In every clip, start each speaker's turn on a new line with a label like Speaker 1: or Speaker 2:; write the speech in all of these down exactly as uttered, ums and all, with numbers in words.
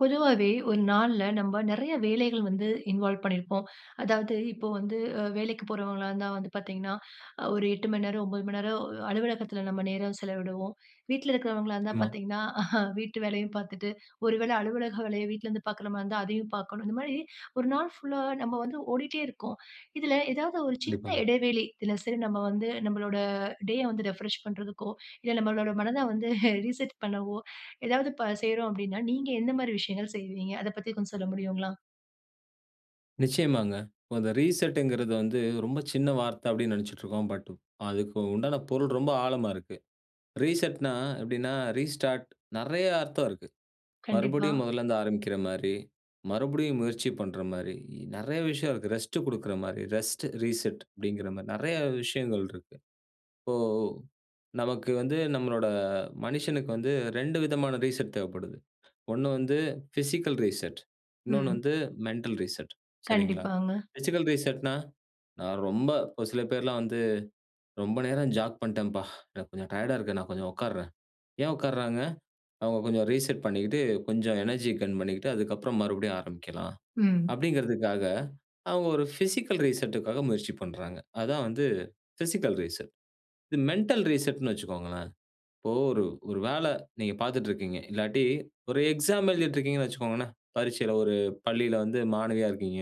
Speaker 1: பொதுவாவே ஒரு நாள்ல, நம்ப நெறைய வேலைகள் வந்து இன்வால்வ் பண்ணியிருப்போம். அதாவது இப்போ வந்து வேலைக்கு போறவங்களா இருந்தா வந்து பார்த்தீங்கன்னா, ஒரு எட்டு மணி நேரம், ஒன்பது மணி நேரம் அலுவலகத்தில நம்ம நேரம் செலவிடுவோம். வீட்ல இருக்கிறவங்களா இருந்தா
Speaker 2: [unintelligible]
Speaker 1: பார்த்தீங்கன்னா, வீட்டு வேலையும் பார்த்துட்டு, ஒரு வேளை அலுவலக வேலைய வீட்ல இருந்து பாக்கற மாதிரி இருந்தா அதையும் பார்க்கணும். இந்த மாதிரி ஒரு நாள் புல்லா நாம வந்து ஓடிட்டே இருக்கோம். இதில ஏதாவது ஒரு சின்ன
Speaker 2: கண்டிப்பாங்க.
Speaker 1: இடைவெளி, இதில சரி நம்ம வந்து நம்முடைய டேய வந்து ரிஃப்ரெஷ் பண்ணுறதுக்கோ, இல்ல நம்முடைய மனதை வந்து ரீசெட் பண்ணவோ, ஏதாவது செய்றோம் அப்படின்னா, நீங்க எந்த மாதிரி விஷயங்கள் செய்வீங்க. அதை பத்தி கொஞ்சம் சொல்ல முடியுங்களா?
Speaker 2: நிச்சயமாங்க. அந்த ரீசெட்ங்க்கிறது வந்து ரொம்ப சின்ன வார்த்தை அப்படின்னு நெனச்சிட்டு இருக்கோம். பட் அதுக்கு உண்டான பொருள் ரொம்ப ஆழமா இருக்கு. ரீசெட்ன்னா, எப்படின்னா, ரீஸ்டார்ட், நெறைய அர்த்தம் இருக்கு.
Speaker 1: கண்டிப்பா.
Speaker 2: மறுபடியும் முதல்ல இருந்து ஆரம்பிக்கிற மாரி, மறுபடியும் முயற்சி பண்ணுற மாரி, நெறைய விஷயம் இருக்கு. ரெஸ்ட் குடுக்கிற மாரி, ரெஸ்ட், ரீசெட் அப்படிங்கிற மாரி நெறைய விஷயங்கள் இருக்கு. இப்போ நமக்கு வந்து நம்மளோட மனிசனுக்கு வந்து ரெண்டு விதமான ரீசெட் தேவைப்படுது. ஒண்ணு வந்து பிசிக்கல் ரீசெட். இன்னொன்னு
Speaker 1: ம்.
Speaker 2: வந்து மெண்டல் ரீசெட். சரிங்களா,
Speaker 1: கண்டிப்பாங்க.
Speaker 2: பிசிக்கல் ரீசெட்ன்னா, நான் ரொம்ப ஒரு சில பேர்லாம் வந்து ரொம்ப நேரம் ஜாக் பண்ணிட்டேன். எனக்கு கொஞ்சம் டயர்ட்டா இருக்கு, நான் கொஞ்சம் உட்கார்றேன். ஏன் உட்கார்றாங்க, அவங்க கொஞ்சம் ரீசெட் பண்ணிட்டு கொஞ்சம் எனர்ஜி கெயின் பண்ணிட்டு அதுக்கு அப்புறம் மறுபடியும் ஆரம்பிக்கலாம்.
Speaker 1: ம்.
Speaker 2: அப்படிங்ன்கிறதுக்காக அவங்க ஒரு பிசிக்கல் ரீசெட்க்காக முயற்சி பண்ணுறாங்க. அதுதான் வந்து பிசிக்கல் ரீசெட். இது மெண்டல் ரீசெட்ன்னு வச்சுக்கோங்களேன், இப்போ ஒரு ஒரு வேலை நீங்க பார்த்துட்டு இருக்கீங்க, இல்லாட்டி ஒரு எக்ஸாம் எழுதிட்டு இருக்கீங்கன்னு வச்சுக்கோங்களேன், பரீட்சையில ஒரு பள்ளியில வந்து மாணவியா இருக்கீங்க.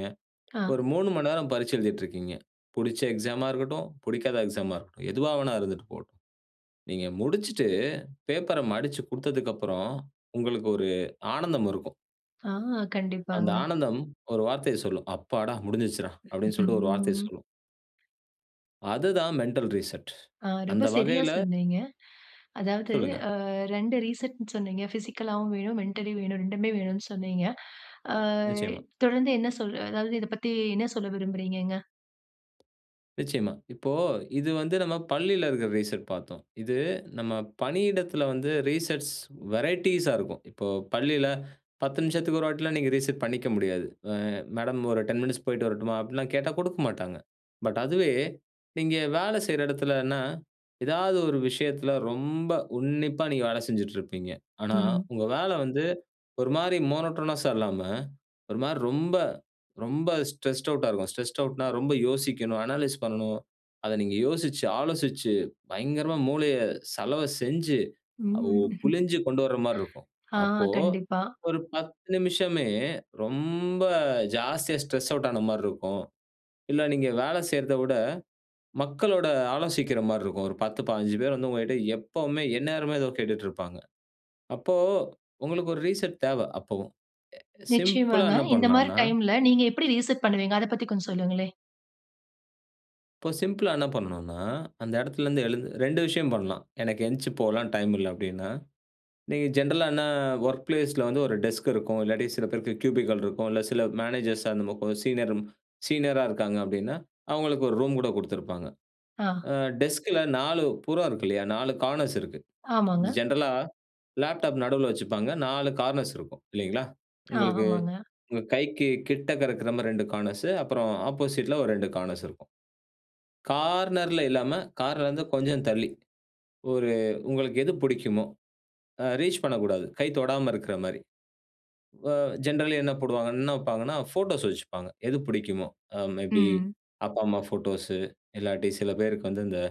Speaker 1: ஆ.
Speaker 2: ஒரு மூணு மணி நேரம் பரீட்சை எழுதிட்டு இருக்கீங்க. புடுச்ச எக்ஸாம்மா இருக்கட்டும், புடிக்காத எக்ஸாம்மா இருக்கட்டும். எதுவா வேணா இருந்துட்டு போகட்டும். நீங்க முடிச்சுட்டு, பேப்பர்ர மடிச்சு குடுத்ததுக்கு அப்புறம் உங்களுக்கு ஒரு ஆனந்தம் இருக்கும்.
Speaker 1: ஆ.
Speaker 2: அந்த
Speaker 1: கண்டிப்பாங்க.
Speaker 2: ஆனந்தம் ஒரு வார்த்தைய சொல்லும். அப்பாடா! முடிஞ்சிருச்சிருடா. அப்டினு சொல்ட்டு ஒரு வார்த்தைய
Speaker 1: ம்.
Speaker 2: சொல்லும் அதுதான் மெண்டல் ரீசெட்.
Speaker 1: ஆ. ரொம்ப
Speaker 2: அந்த
Speaker 1: சரியா
Speaker 2: வகையில
Speaker 1: சொன்னீங்க. அதாவது
Speaker 2: சொல்லுங்க.
Speaker 1: அ ரெண்டு ரீசெட்னு சொன்னீங்க. பிசிக்கலாவும் வேணும், மென்டலி வேணும். ரெண்டுமே வேணும்னு சொன்னீங்க. ஆ.
Speaker 2: நிச்சயமா.
Speaker 1: தொடர்ந்து என்ன சொல்ற அதாவது இத பத்தி என்ன சொல்ல விரும்புகிறீங்கங்க?
Speaker 2: நிச்சயமா. இப்போ இது வந்து நம்ம பள்ளியில இருக்கற ரீசெட் பார்த்தோம். இது நம்ம பணியிடத்துல வந்து ரீசெட்ஸ் வெரையட்டீஸ்சா இருக்கும். இப்போ பள்ளியில, பத்து நிமிஷத்துக்கு ஒரு வாட்டி எல்லாம் நீங்க ரீசெட் பண்ணிக்க முடியாது. ஆ மேடம் ஒரு டென் மினிட்ஸ் போய்ட்டு வரட்டுமா, அப்டி எல்லாம் கேட்டா குடுக்க மாட்டாங்க. பட் அதுவே நீங்க வேலை செய்யற இடத்துலனா, ஏதாவது ஒரு விஷயத்துல ரொம்ப உன்னிப்பா நீங்க வேலை செஞ்சிட்டு இருப்பீங்க. ஆனா,
Speaker 1: ம்.
Speaker 2: உங்க வேலை வந்து ஒரு மாரி மோனோட்டோனஸ்சா இல்லாம ஒரு மாரி ரொம்ப, ரொம்ப ஸ்ட்ரெஸ்ட் அவுட் ஆகும். ஸ்ட்ரெஸ்ட் ஆட்னா ரொம்ப யோசிக்கணும், அனலீஸ் பண்ணனும். அத நீங்க யோசிச்சு, ஆலோசிச்சு, பயங்கரமா மூளைய சலவ செஞ்சு, ஒ
Speaker 1: ம்.
Speaker 2: புழிஞ்சு கொண்டு வர்ற மாரி இருக்கும்.
Speaker 1: ஆ.
Speaker 2: அப்போ
Speaker 1: கண்டிப்பா.
Speaker 2: ஒரு பத்து நிமிஷமே ரொம்ப ஜாஸ்தியா, ஸ்ட்ரெஸ் அவுட் ஆன மாரி இருக்கும். இல்ல நீங்க வேலை செய்றத விட, மக்களோட ஆலோசிக்கிற மாரி இருக்கும். ஒரு பத்து, பாஞ்சு பேர் வந்து உங்ககிட்ட எப்பவுமே எந்நேரமே ஏதோ கேட்டுட்டுருப்பாங்க. அப்போ உங்களுக்கு ஒரு ரீசெட் தேவ. அப்பவும். அ சிம்பிள்ளா
Speaker 1: நிச்சயமாங்க.
Speaker 2: என்ன
Speaker 1: இந்த மாரி
Speaker 2: பண்ணலான்னா
Speaker 1: டைம்ல நீங்க எப்டி ரீசெட் பண்ணுவீங்க? அதப் பத்தி கொஞ்சம் சொல்லுங்களேன்.
Speaker 2: இப்போ சிம்பிளா என்ன பண்ணனுன்னா, அந்த எடத்திலருந்து எழுந்து ரெண்டு விஷயம் பண்ணலாம். எனக்கு எந்ச்சு போலாம் டைம் இல்ல அப்டின்னா! நீங்க ஜென்ரலா என்ன வொர்க் பிளேஸ் ல வந்து ஒரு டெஸ்க் இருக்கும், இல்லாட்டி சில பேருக்கு கியூபிக்கள் இருக்கும், இல்ல சில மேனேஜர்ஸ் அந்த மொ கொஞ் சீனரரும் சீனியரா இருக்காங்க அப்டின்னா, அவுங்களுக்கு ஒரு ரூம் கூட குடுத்திருப்பாங்க.
Speaker 1: ஆ.
Speaker 2: ஆ டெஸ்க்ல நாலு புறம் இருக்கு இல்லையா, நாலு கானர்ஸ் இருக்கு.
Speaker 1: ஆமாங்க.
Speaker 2: ஜென்ரலா லேப்டாப் நடுவுல வச்சுப்பாங்க. நாலு கார்னர்ஸ் இருக்கும் இல்லைங்களா?
Speaker 1: அ,
Speaker 2: உங்களுக்கு
Speaker 1: ஆமாங்க.
Speaker 2: உங்க கைக்கு கிட்டக்கருக்குற மாரி இரண்டு கார்னர்ஸு அப்புறம் ஆப்போசிட்ல ஒரு ரெண்டு கானர்ஸ் இருக்கும். கார்னர்ல இல்லாம, கார்னர்லருந்து கொஞ்சம் தள்ளி ஒரு உங்களுக்கு எது புடிக்குமோ அ ரீச் பண்ணக்கூடாது, கை தொடாம இருக்குற மாரி. வ ஜென்ரலி என்ன போடுவாங்க, என்ன வப்பாங்கண்ணா, ஃபோட்டோஸ் வெச்சுப்பாங்க. எது பிடிக்குமோ அ மே பி
Speaker 1: ம்.
Speaker 2: அப்பா, அம்மா ஃபோட்டோஸ், இல்லாட்டி சில பேருக்கு வந்து இந்த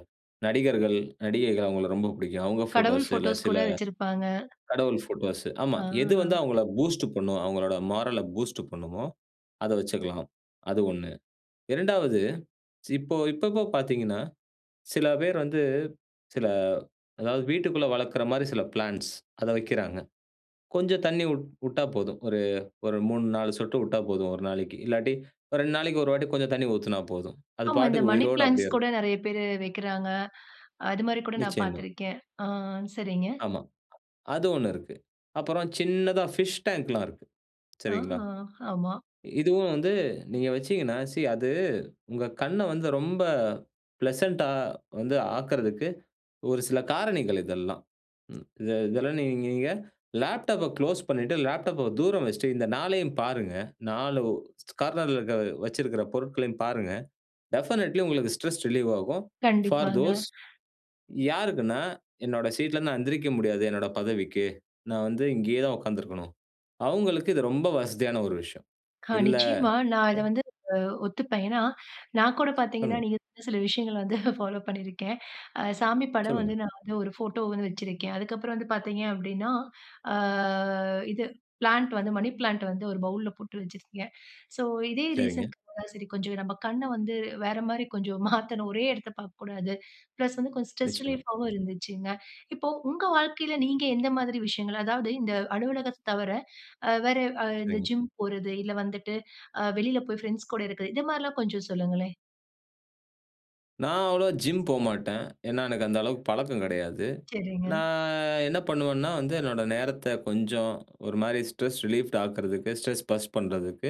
Speaker 2: நடிகர்கள், நடிகைகள் அவுங்கள ரொம்ப பிடிக்கும். அவுங்க
Speaker 1: கடவுள்
Speaker 2: ஃபோட்டோஸ், இல்ல
Speaker 1: போட்டோஸ்
Speaker 2: சில
Speaker 1: கூட வச்சிருப்பாங்க.
Speaker 2: கடவுள் ஃபோட்டோஸு, ஆமா.
Speaker 1: ஆ,
Speaker 2: எது வந்து அவுங்கள பூஸ்ட் பண்ணும், அவுங்களோட மாரல பூஸ்ட் பண்ணுமோ, அத வச்சிக்கலாம். அது ஒண்ணு இரண்டாவது சி இப்போ இப்போ இப்போ பாத்தீங்கன்னா, சில பேர் வந்து சில, அதாவது வீட்டுக்குள்ள வளக்குற மாரி சில பிளான்ட்ஸ் அத வைக்கிறாங்க. கொஞ்சம் தண்ணீ உட் உட்டா போதும். ஒரு ஒரு மூணு நாலு சொட்டு உட்டா போதும் ஒரு நாளைக்கு, இல்லாட்டி ஒரு ரெண்டு நாளைக்கு ஒரு வாட்டி கொஞ்சம் தண்ணீ ஊத்துனா போதும். அது
Speaker 1: ஆமா இந்த
Speaker 2: பாட்டுக்கு
Speaker 1: மனி
Speaker 2: உயிரோட அப்டியே
Speaker 1: பிளான்ட்ஸ் கூட
Speaker 2: இருக்கும்.
Speaker 1: நெறைய பேரு வைக்கிறாங்க. அது மாரி கூட நான்
Speaker 2: நிச்சயமா.
Speaker 1: பாத்திருக்கேன். ஆ சரிங்க.
Speaker 2: ஆமா. அது ஒண்ணு இருக்கு. அப்புறம் சின்னதா பிஷ் டாங்க்லாம் இருக்கு.
Speaker 1: ஆ
Speaker 2: சரிங்களா.
Speaker 1: ஆமா.
Speaker 2: இதுவும் வந்து நீங்க வச்சீங்கன்னா, சி அது உங்க கண்ண வந்து ரொம்ப பிளசன்ட்டா வந்து ஆக்கறதுக்கு ஒரு சில காரணிகள் இதெல்லாம். ம் இத இதெல்லாம் நீங் நீங்க லேப்டாப்ப குளோஸ் பண்ணிட்டு, லேப்டாப்ப தூரம் வெச்ட்டு, இந்த நாலையும் பாருங்க. நாளு கார்னர்ல இருக்க வச்சிருக்கிற பொருட்களையும் பாருங்க. டெஃபனட்லி உங்களுக்கு ஸ்ட்ரெஸ் ரிலீவ் ஆகும். ஃபார்
Speaker 1: கண்டிப்பாங்க.
Speaker 2: தோஸ் யாருக்குன்னா! என்னோட சீட்ல நான் எந்திரிக்க முடியாது. என்னோட பதவிக்கு, நான் வந்து இங்கயே தான் உக்காந்திருக்கனும். அவுங்களுக்கு இது ரொம்ப வசதியான ஒரு விஷயம்.
Speaker 1: கா
Speaker 2: இல்ல
Speaker 1: நிச்சயமா நான் இத
Speaker 2: எ
Speaker 1: வந்து ஒத்துப்பேன். ஏன்னா, நான் கூட பாத்தீங்கன்னா,
Speaker 2: [unintelligible]
Speaker 1: நீங்க சில விஷயங்கள வந்து ஃபாலோ பண்ணிருக்கேன் அ சாமி படம்
Speaker 2: சொல்லுங்க.
Speaker 1: வந்து நான் வந்து ஒரு போட்டோ வந்து வெச்சிருக்கேன். அதுக்கப்புறம் வந்து பாத்தீங்க அப்டின்னா, அ இது பிளான்ட் வந்து மணி பிளான்ட் வந்து ஒரு பவுல்ல போட்டு வச்சிருக்கேன். சோ இதே
Speaker 2: சரிங்க.
Speaker 1: ரீசன்க்கு சரி, கொஞ்சம் நம்ப கண்ண வந்து வேற மாரி கொஞ்சம் மாத்தனும். ஒரே எடத்த பாக்கக்கூடாது. பிளஸ் வந்து கொஞ்சம் ஸ்ட்ரெஸ்
Speaker 2: நிச்சியமா.
Speaker 1: ரிலீஃப்ஃபாவும் இருந்துச்சுங்க. இப்போ, உங்க வாழ்க்கையில நீங்க எந்த மாதிரி விஷயங்கள், அதாவது இந்த அலுவலகத்த தவர அ வேற அ இந்த
Speaker 2: சரிங்க.
Speaker 1: ஜிம் போறது, இல்ல வந்துட்டு அ வெளில போய் ஃபிரெண்ட்ஸ் கூட இருக்கற, இது மாரிலாம் கொஞ்சம் சொல்லுங்களேன்.
Speaker 2: நான் அவ்ளோவா ஜிம் போமாட்டன். ஏன்னா, எனக்கு அந்த அளவுக்கு பழக்கம் கிடையாது.
Speaker 1: சரிங்க.
Speaker 2: நான் என்ன பண்ணுவன்னா, வந்து என்னோட நேரத்த கொஞ்சம் ஒரு மாரி ஸ்ட்ரெஸ் ரிலீஃப்ட் ஆக்குறதுக்கு, ஸ்ட்ரெஸ் பர்ஸ்ட் பண்றதுக்கு,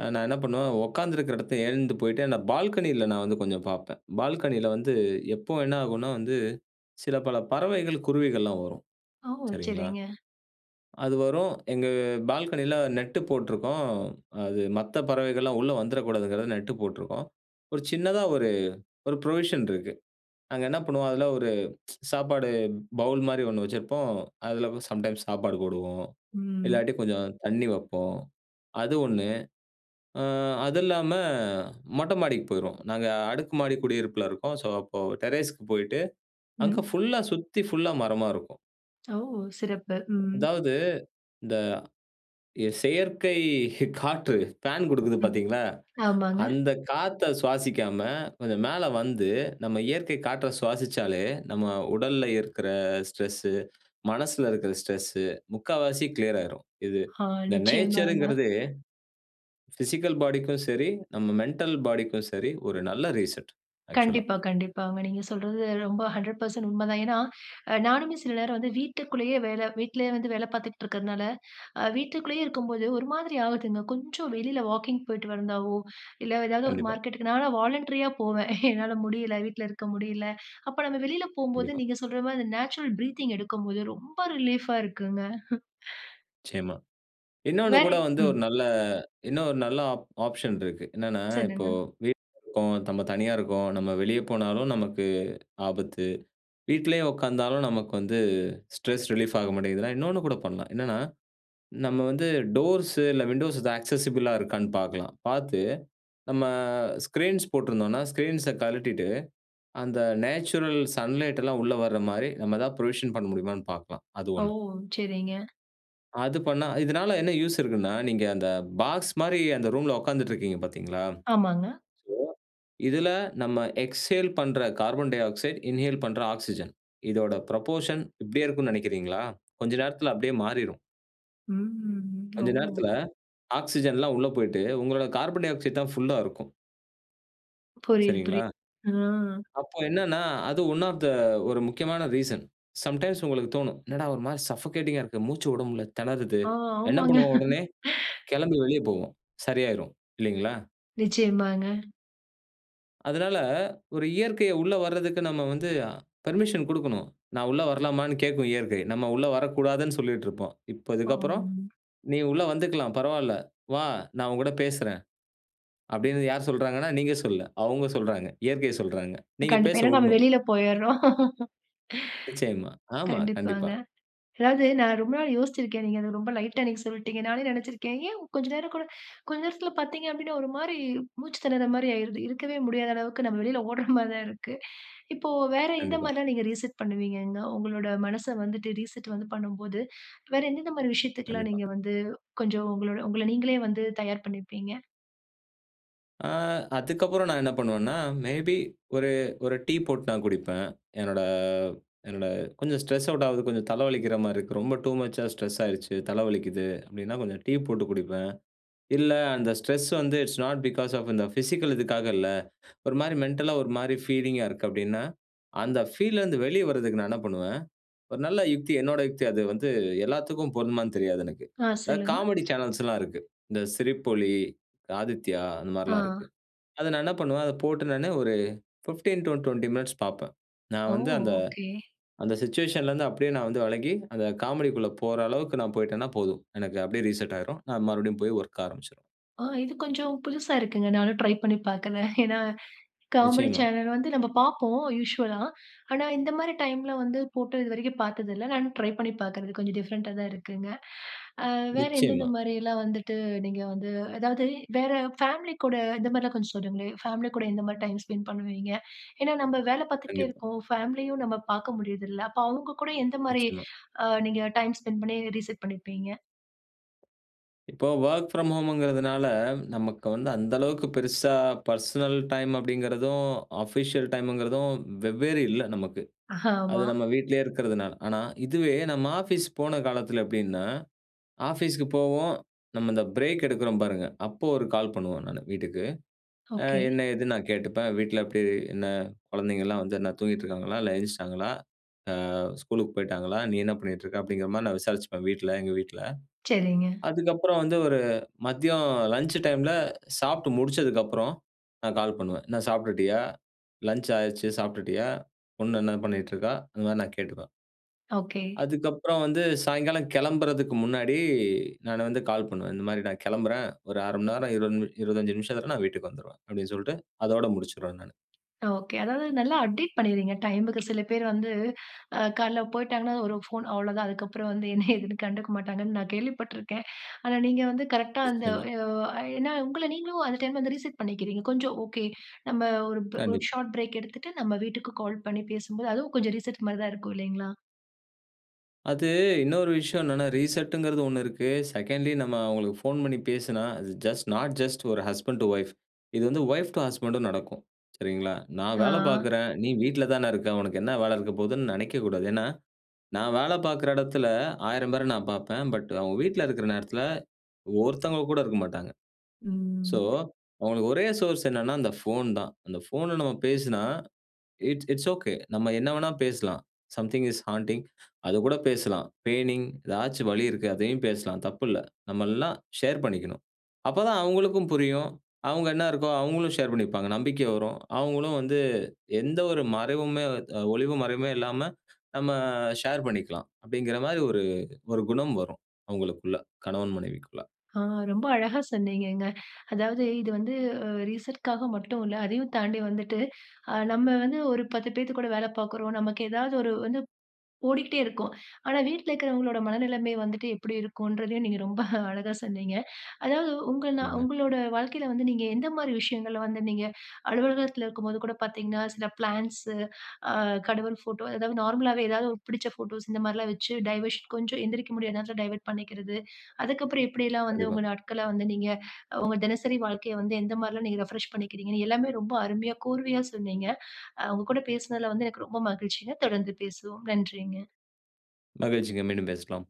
Speaker 2: அ நான் என்ன பண்ணுவன், உட்கார்ந்திருக்கிற இடத்த எழுந்து போயிட்டு, அந்த பால்கனில நான் வந்து கொஞ்சம் பாப்பேன். பால்கனில வந்து, எப்போ என்ன ஆகும்னா வந்து, சில பல பறவைகள், குருவிகள்லாம் வரும்.
Speaker 1: ஓ!
Speaker 2: சரிங்களா?
Speaker 1: சரிங்க.
Speaker 2: அது வரும். எங்க பால்கனில நெட்டு போட்ருக்கோம். அது மத்த பறவைகள்லாம் உள்ள வந்துறக்கூடாதுகாகதான் நெட்டு போட்ருக்கோம். ஒரு சின்னதா ஒரு ஒரு ப்ரொவிஷன் இருக்கு. அங்க என்ன பண்ணுவோம் அதுல ஒரு சாப்பாடு பவுல் மாரி ஒண்ணு வச்சிருப்போம். அதுலவும் சம்டைம்ஸ் சாப்பாடு போடுவோம்,
Speaker 1: ம்.
Speaker 2: இல்லாட்டி, கொஞ்சம் தண்ணி வப்போம், அது ஒண்ணு. ஆ அது இல்லாம மொட்ட மாடிக்கு போயிருவோம். நாங்க அடுக்கு மாடி குடியிருப்புல இருக்கோம். ஸோ அப்போ டெரேஸ்க்கு போயிட்டு, அங்க
Speaker 1: ம்.
Speaker 2: ஃபுல்லா சுத்தி ஃபுல்லா மரமா இருக்கும்.
Speaker 1: ஓ! சிறப்பு. ம்.
Speaker 2: அதாவது இந்த, ய செயற்கை ஹி காற்று, ஃபேன் கொடுக்குது பாத்தீங்களா?
Speaker 1: ஆமாங்க.
Speaker 2: அந்த காத்த சுவாசிக்காம, கொஞ்சம் மேல வந்து, நம்ம இயற்கை காற்ற சுவாசிச்சாலே நம்ம உடல்ல இருக்குற ஸ்ட்ரெஸ்ஸு, மனசுல இருக்குற ஸ்ட்ரெஸ்ஸு முக்காவாசி கிளியர் ஆயிரும். இது,
Speaker 1: ஆ.
Speaker 2: இந்த
Speaker 1: நிச்சயமாங்க.
Speaker 2: நேச்சர்ங்குறதே, ஃபிசிக்கல் பாடிக்கும் சரி, நம்ம மெண்டல் பாடிக்கும் சரி, ஒரு நல்ல ரீசெட், ஆக்சுவல்லா.
Speaker 1: கண்டிப்பா, கண்டிப்பாங்க. நீங்க சொல்றது ரொம்ப ஹண்ட்ரட் பெர்சென்ட் உண்மதான். ஏனா, அ நானுமே சில நேரம் வந்து வீட்டுக்குள்ளேயே வேல வீட்டிலயே வந்து வேல பார்த்துட்டுருக்கிறதனால, அ வீட்டுக்குள்ளேயே இருக்கும்போது ஒரு மாதிரி ஆகுதுங்க. கொஞ்சம் வெளில வாக்கிங் போயிட்டு வருந்தாவோ, இல்ல ஏதாவது ஒரு
Speaker 2: கண்டிப்பா.
Speaker 1: மார்க்கெட்டுக்கு நான்லாம் வாலண்டரியா போவேன். என்னால முடியல, வீட்ல இருக்க முடியல. அப்ப நம்ம வெளியில போகும்போது
Speaker 2: கண்டிப்பா.
Speaker 1: நீங்க சொல்ற மாரி, நேச்சுரல் ப்ரீத்திங் எடுக்கும்போது ரொம்ப ரிலீஃப்பா இருக்குங்க.
Speaker 2: நிச்சயமா. இன்னொன்னு
Speaker 1: வேற
Speaker 2: கூட வந்து
Speaker 1: ம்.
Speaker 2: ஒரு நல்ல இன்னும் ஒரு நல்ல ஆப் ஆப்ஷன் இருக்கு. என்னனா, இப்போ
Speaker 1: சொல்லுங்க.
Speaker 2: வீட்ல இருக்கோம், தம்ம தனியா இருக்கோம், நம்ம வெளிய போனாலும் நமக்கு ஆபத்து. வீட்லேயும் உட்கார்ந்தாலும் நமக்கு வந்து ஸ்ட்ரெஸ் ரிலீஃப் ஆக மாட்டேங்குதுன்னா, இன்னொன்னு கூட பண்ணலாம். என்னன்னா, நம்ம வந்து டோர்ஸ்ஸு, இல்ல விண்டோஸ் இது ஆக்சஸிபிளா இருக்கான்னு பாக்கலாம். பாத்து நம்ம, ஸ்கிரீன்ஸ் போட்ருந்தோம்னா, ஸ்கிரீன்ஸ்ஸ கழட்டிட்டு. அந்த நேச்சுரல் சன்லைட்டெல்லாம் உள்ள வர மாரி நம்ம எதாது புரொவிஷன் பண்ண முடியுமான்னு பாக்கலாம். அது
Speaker 1: ஓ!
Speaker 2: ஒண்ணு.
Speaker 1: சரிங்க.
Speaker 2: அது பண்ணா. இதுனால என்ன யூசு இருக்குனா, நீங்க அந்த பாக்ஸ் மாரி அந்த ரூம்ல உட்கார்ந்துட்டு இருக்கீங்க பார்த்தீங்களா, சோ
Speaker 1: ஆமாங்க.
Speaker 2: இதுல நம்ம எக்ஸ்சேல் பண்ற கார்பன் டைஆக்சைடு, இன்ஹேல் பண்ற ஆக்ஸிஜன் இதோட புரொப்போர்ஷன் இப்டியே இருக்கும்னு நெனைக்கிறீங்களா. கொஞ்சம் நேரத்துல அப்டியே மாறிரும்.
Speaker 1: ம்
Speaker 2: கொஞ்ச
Speaker 1: ஓ!
Speaker 2: நேரத்துல ஆக்ஸிஜன்லாம் உள்ள போயிட்டு உங்களுடைய கார்பன் டைஆக்சைடு தான் ஃப்ல்லா இருக்கும்.
Speaker 1: புரியிது புரிது.
Speaker 2: சரிங்களா?
Speaker 1: ஆ.
Speaker 2: அப்ப என்னனா, அது ஒன் ஆஃப் த ஒரு முக்கியமான ரீசன் சம்டைம்ஸ் உங்களுக்கு தோனும். என்னடா ஒரு மாரி சஃபோகேட்டிங்கா இருக்கு. மூச்சு உட முல்ல. திணறுது.
Speaker 1: ஆ,
Speaker 2: என்ன
Speaker 1: ஆமாங்க
Speaker 2: பண்ணுவோம் உடனே கிளம்பி வெளிய போவோம். சரியாயிரும் இல்லீங்களா?
Speaker 1: நிச்சியமாங்க.
Speaker 2: அதனால ஒரு இயற்கைய உள்ள வர்றதுக்கு நம்ம வந்து பெர்மிஷன் குடுக்கணும். நான் உள்ள வரலாமானு கேட்கும் இயற்கை. நம்ம உள்ள வரக்கூடாதுனு சொல்லிட்டுருப்போம். இப்ப இதுக்கப்புறம்
Speaker 1: பாம்.
Speaker 2: நீ உள்ள வந்துக்கலாம். பரவால்ல வா நான் உன்கூட பேசுறன். அப்டின்னு யார் சொல்றாங்கன்னா. நீங்க சொல்ல. அவங்க சொல்றாங்க. இயற்கையை சொல்றாங்க. நீங்க
Speaker 1: கண்டிப்பா.
Speaker 2: பேச
Speaker 1: ஏனா, நம்ம
Speaker 2: உட்ணும்.
Speaker 1: வெளில போயிறோம்
Speaker 2: நிச்சயமா. ஆமா. கண்டிப்பா.
Speaker 1: கண்டிப்பாங்க. அதாவது நான் ரொம்ப நாள் யோசிருக்கேன். நீங்க அத ரொம்ப லைட்டா அன்னிக்கு சொல்லிட்டீங்க. நானே நெனச்சிருக்கேன் ஏன் கொஞ்ச நேரம் கூட, கொஞ்ச நேரத்துல பார்த்தீங்க அப்டின்னா ஒரு மாரி மூச்சு திணர்ற மாரி ஆயிடுது. இருக்கவே முடியாத அளவுக்கு நம்ம வெளில ஓட்ற மாரி தான் இருக்கு இப்போ வேற இந்த
Speaker 2: கண்டிப்பா.
Speaker 1: மாரி எல்லாம் நீங்க ரீசெட் பண்ணுவீங்கங்க? உங்களோட மனச வந்துட்டு ரீசெட் வந்து பண்ணும்போது, வேற என்னென்ன மாரி விஷயத்துக்குலாம்
Speaker 2: கண்டிப்பா.
Speaker 1: நீங்க வந்து கொஞ்சம் உங்களோட உங்கள நீங்களே வந்து தயார் பண்ணிப்பீங்க?
Speaker 2: ஆ. அதுக்கப்புறம் நான் என்ன பண்ணுவேன்னா, மே பி ஒரு, ஒரு டீ போட்டு நான் குடிப்பேன். என்னோட என்னோட கொஞ்சம் ஸ்ட்ரெஸ் அவுட் ஆகுது, கொஞ்சம் தலை வலிக்கிற மாரி இருக்கு. ரொம்ப டூ மச்சா ஸ்ட்ரெஸ் ஆயிருச்சு, தலை வலிக்குது அப்படின்னா கொஞ்சம் டீ போட்டு குடிப்பேன். இல்ல அந்த ஸ்ட்ரெஸ் வந்து இட்ஸ் நோட் பிக்காஸ் ஆஃப் இந்த பிசிக்கல் இதுக்காக இல்ல, ஒரு மாதிரி மென்டல்லா ஒரு மாதிரி ஃபீலிங்கா இருக்கு அப்படின்னா, அந்த ஃபீல்ல இருந்து வெளியே வரதுக்கு நான் என்ன பண்ணுவேன். ஒரு நல்ல யுக்தி, என்னுடைய யுக்தி அது வந்து எல்லாத்துக்கும் பொருந்துமான்னு தெரியாது எனக்கு.
Speaker 1: ஆ.
Speaker 2: அதாவது
Speaker 1: சொல்லுங்க.
Speaker 2: காமெடி சேனல்ஸ் எல்லாம் இருக்கு. இந்த சிரிப்பொலி, ஆதித்யா அந்த மாதிரி எல்லாம்
Speaker 1: ஆ.
Speaker 2: இருக்கு. அத நான் என்ன பண்ணுவேன், அதை போட்ட உடனே ஒரு ஃபிஃப்டீன் டூ ட்வென்டி மினிட்ஸ் பார்ப்பேன். நான்
Speaker 1: ஓ!
Speaker 2: வந்து அந்த,
Speaker 1: ஒகே.
Speaker 2: அந்த சிட்யூயேஷன்ல இருந்து அப்படியே நான் வந்து விலகி, அந்த காமெடிக்குள்ள போற அளவுக்கு நான் போயிட்டேன்னா போதும். எனக்கு அப்படியே ரீசெட் ஆயிரும். நான் மறுபடியும் போய் வொர்க் ஆரம்பிச்சுருவேன்.
Speaker 1: ஆ. இது கொஞ்சம் புதுசா இருக்குங்க நானும் ட்ரை பண்ணி பார்க்கறேன். ஏன்னா காமெடி
Speaker 2: நிச்சயமா.
Speaker 1: சேனல் வந்து நம்ம பார்ப்போம் யூஷுவலா. ஆனா, இந்த மாதிரி டைம்ல வந்து போட்ட இது வரைக்கும் பார்த்தது இல்ல. நானும் ட்ரை பண்ணி பார்க்கறது கொஞ்சம் டிஃப்ரெண்ட்டா தான் இருக்குங்க. அ வேற எந்தெந்த
Speaker 2: நிச்சயமா.
Speaker 1: மாதிரியெல்லாம் வந்துட்டு நீங்க வந்து அதாவது வேற ஃபேமிலி கூட இந்தமாதிரிலாம் கொஞ்சம் சொல்லுங்களேன். ஃபேமிலி கூட எந்த மாதிரி டைம் ஸ்பெண்ட் பண்ணுவீங்க? ஏன்னா நம்ம வேலை பார்த்துகிட்டே
Speaker 2: கண்டிப்பா.
Speaker 1: இருக்கோம். ஃபேமிலியும் நம்ம பார்க்க முடியறதில்ல அப்போ அவங்க கூட எந்த மாதிரி
Speaker 2: நிச்சயமா.
Speaker 1: நீங்க டைம் ஸ்பென்ட் பண்ணி ரீசெட் பண்ணியிருப்பீங்க?
Speaker 2: இப்போ வொர்க் ஃப்ராம் ஹோம் கிறதுனால, நமக்கு வந்து அந்த அளவுக்கு பெருசா பர்சனல் டைம் அப்டிங்கிறதும், ஆஃபிஷியல் டைம்ங்கிறதும் வெவ்வேறு இல்ல, நமக்கு. அது
Speaker 1: ஆமா.
Speaker 2: நம்ம வீட்டிலேயே இருக்கிறதுனால. ஆனா, இதுவே நம்ம ஆஃபீஸ் போன காலத்தில எப்டின்னா, ஆஃபீஸுக்கு போவோம். நம்ம இந்த பிரேக் எடுக்குறோம் பாருங்க, அப்போ ஒரு கால் பண்ணுவோம் நானு வீட்டுக்கு. அ
Speaker 1: ஒகே.
Speaker 2: என்ன ஏதுன்னு நான் கேட்டுப்பேன். "வீட்ல எப்டி? என்ன? குழந்தைங்கலாம் வந்து என்ன தூங்கிட்ருக்காங்களா, இல்ல எந்த்ருச்டாங்களா? ஸ்கூலுக்கு போய்ட்டாங்களா? நீ என்ன பண்ணிட்ருக்க?"அப்டிங்கிற மாரி நான் விசாரிச்சுப்பேன் வீட்ல, எங்க வீட்ல.
Speaker 1: சரிங்க.
Speaker 2: அதுக்கப்புறம் வந்து ஒரு மதியம் லஞ்ச் டைம்ல சாப்ட்டு முடிச்சதுக்கு அப்புறம், நான் கால் பண்ணுவேன். "என்ன சாப்ட்டுட்டியா? லஞ்ச் ஆயிருச்சு, சாப்ட்டுட்டியா? பொண்ணு என்ன பண்ணிட்ருக்கா?" அந்த மாரி நான் கேட்டுப்பேன்.
Speaker 1: ஒகே.
Speaker 2: அதுக்கப்பறம் வந்து சாயங்காலம் கெளம்புறதுக்கு முன்னாடி, நானு வந்து கால் பண்ணுவேன். இந்த மாரி நான் கெளம்புறேன். ஒரு அரை மண்நேரம் இருவது நிமி, இருவத்தஞ்சு நிமிஷத்ல நான் வீட்டுக்கு வந்துருவேன் அப்டின்னு சொல்லிட்டு, அதோட முடிச்சிருவேன் நானு.
Speaker 1: ஓகே அதாவது நல்லா அப்டேட் பண்ணிர்றீங்க டைமுக்கு. சில பேர் வந்து, அ காலைல போயிட்டாங்கன்னா, ஒரு ஃபோன் அவ்வளோதான். அதுக்கப்புறம் வந்து என்ன ஏதுன்னு கண்டுக்க மாட்டாங்கன்னு நான் கேள்விப்பட்ருக்கேன். ஆனா நீங்க வந்து கரெக்ட்டா, அந்த
Speaker 2: நிச்சயமா.
Speaker 1: எ -ஓ ஏன்னா, உங்கள நீங்களும் அந்த டைம் வந்து ரீசெட் பண்ணிக்கிறீங்க. கொஞ்சம் ஓகே "நம்ப ஒரு ப்ர ஒரு
Speaker 2: கண்டிப்பா.
Speaker 1: ஷார்ட் பிரேக் எடுத்துட்டு, நம்ம வீட்டுக்கு கால் பண்ணி பேசும்போது அதுவும் கொஞ்சம் ரீசெட் மாரி தான் இருக்கும் இல்லைங்களா?"
Speaker 2: அது இன்னொரு விஷயம் என்னன்னா, ரீசெட்ன்கிறது ஒண்ணு செகண்ட்லி நம்ம அவங்களுக்கு போன் பண்ணி பேசினா, அது ஜஸ்ட் நாட் ஜஸ்ட் ஒரு ஹஸ்பண்ட் அன்ட் வைப் இது வந்து வைப் டூ ஹஸ்க்மண்ட்டும் நடக்கும். சரிங்களா? நான்
Speaker 1: ஆ.
Speaker 2: வேலை பார்க்றேன், நீ வீட்ல தானே இருக்க. உனக்கு என்ன வேலை இருக்க போதுன்னு நெனைக்க கூடாது. ஏன்னா, நான் வேலை பார்க்குற இடத்துல ஆயிரம் பேரை நான் பார்ப்பேன். பட் அவங்க வீட்ல இருக்குற நேரத்துல ஒருத்தவங்க கூட இருக்க மாட்டாங்க. சோ
Speaker 1: ம்.
Speaker 2: அவங்களுக்கு ஒரே சோர்ஸ் என்னென்னா, அந்த ஃபோன் தான். அந்த ஃபோன்ன நம்ம பேசுனா, இட்ஸ் இட்ஸ் ஒகே நம்ம என்ன வேணாலும் பேசலாம். சம்திங் இஸ் ஹாண்டிங் அதுக்கூட பேசலாம். பெயினிங் ஏதாச்சும் வழி இருக்கு, அதையும் பேசலாம். தப்பில்ல. நம்ம எல்லாம் ஷேர் பண்ணிக்கணும். அப்பதான் அவங்களுக்கும் புரியும். அவங்க என்ன இருக்கோ அவங்களும் ஷேர் பண்ணிப்பாங்க. நம்பிக்கை வரும். அவங்களும் வந்து எந்த ஒரு மறைவுமே த் அ ஒளிவு மறைவுமே இல்லாம நம்ம ஷேர் பண்ணிக்கலாம். அப்டிங்கிற மாரி ஒரு ஒரு குணம் வரும். அவங்களுக்குள்ள கணவன் மனைவிக்குள்ள.
Speaker 1: ஆ ரொம்ப அழகா சொன்னீங்கங்க. அதாவது இது வந்து அ ரீசெட்காக மட்டும் இல்ல. அதையும் தாண்டி வந்துட்டு, நம்ம வந்து ஒரு பத்து பேர் கூட வேலை பார்க்றோம். நமக்கு ஏதாவது ஒரு வந்து ஓடிக்கிட்டே இருக்கோம். ஆனா, வீட்ல இருக்கிறவங்களோட மனநிலமை வந்துட்டு எப்படி இருக்குன்றதையும் நீங்க ரொம்ப அழகா சொன்னீங்க. அதாவது, உங்க நா
Speaker 2: சொல்லுங்க.
Speaker 1: உங்களுடைய வாழ்க்கையில வந்து நீங்க எந்த மாரி விஷயங்கள வந்து நீங்க அலுவலகத்தில இருக்கும்போது கூட பார்த்தீங்கன்னா, சில பிளான்ட்ஸ் அ கடவுள் போட்டோ அதாவது நார்மலாவே ஏதாவது புடிச்ச போட்டோஸ் இந்த மாரில்லாம் வச்சு டைவர்ஷன் கொஞ்சம் எந்திரிக்க முடியாத நேரத்துல டைவர்ட் பண்ணிக்கிறது. அதுக்கப்புறம் எப்டில்லாம் வந்து
Speaker 2: கண்டிப்பா.
Speaker 1: உங்க நாட்கள வந்து நீங்க உங்க தினசரி வாழ்க்கைய வந்து, எந்த மாரில்லாம் நீங்க ரெஃப்ரெஷ் பண்ணிக்றீங்கனு எல்லாமே ரொம்ப அருமையா, கூர்மையா சொன்னீங்க. அ உங்க கூட பேசுனதுல வந்து எனக்கு ரொம்ப மகிழ்ச்சிங்க. தொடர்ந்து பேசுவோம். நன்றிங்க.
Speaker 2: மகிழ்ச்சிங்க. மீண்டும் பேசலாம்.